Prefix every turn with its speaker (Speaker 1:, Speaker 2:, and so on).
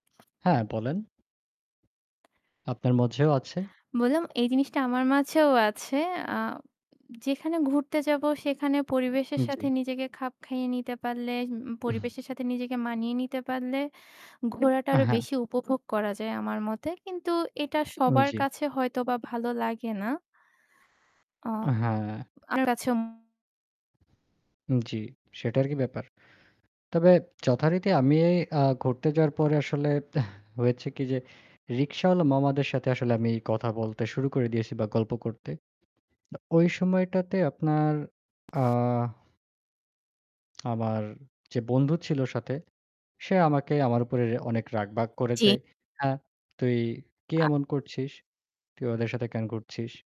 Speaker 1: হ্যাঁ, বলেন। আপনার মধ্যেও আছে।
Speaker 2: বললাম এই জিনিসটা আমার মাঝেও আছে। আ যেখানে ঘুরতে যাব সেখানে পরিবেশের
Speaker 1: উম
Speaker 2: সাথে
Speaker 1: জি।
Speaker 2: নিজেকে খাপ খাইয়ে নিতে পারলে, উম
Speaker 1: উহ।
Speaker 2: পরিবেশের সাথে নিজেকে মানিয়ে নিতে পারলে ঘোরাটা
Speaker 1: আ
Speaker 2: আরও
Speaker 1: হ্যাঁ।
Speaker 2: বেশি উপভোগ করা যায় আমার মতে। কিন্তু এটা
Speaker 1: উম
Speaker 2: সবার
Speaker 1: জি।
Speaker 2: কাছে হয়তোবা ভালো লাগে না। অ
Speaker 1: আ হ্যাঁ।
Speaker 2: আপনার কাছে উম
Speaker 1: জি, সেটা আরকি ব্যাপার? তবে যথারীতি আমি আ ঘুরতে যাওয়ার পরে আসলে হয়েছে কি যে রিকশাওয়ালা মামাদের সাথে আসলে আমি কথা বলতে শুরু করে দিয়েছি বা গল্প করতে। বা ওই সময়টাতে আপনার, আ আমার যে বন্ধু ছিল সাথে সে আমাকে আমার উপরে অনেক রাগ-বাগ
Speaker 2: চি
Speaker 1: যায়। হ্যাঁ, "তুই কি
Speaker 2: আ
Speaker 1: এমন করছিস? তুই ওদের সাথে কেন ঘুরছিস?"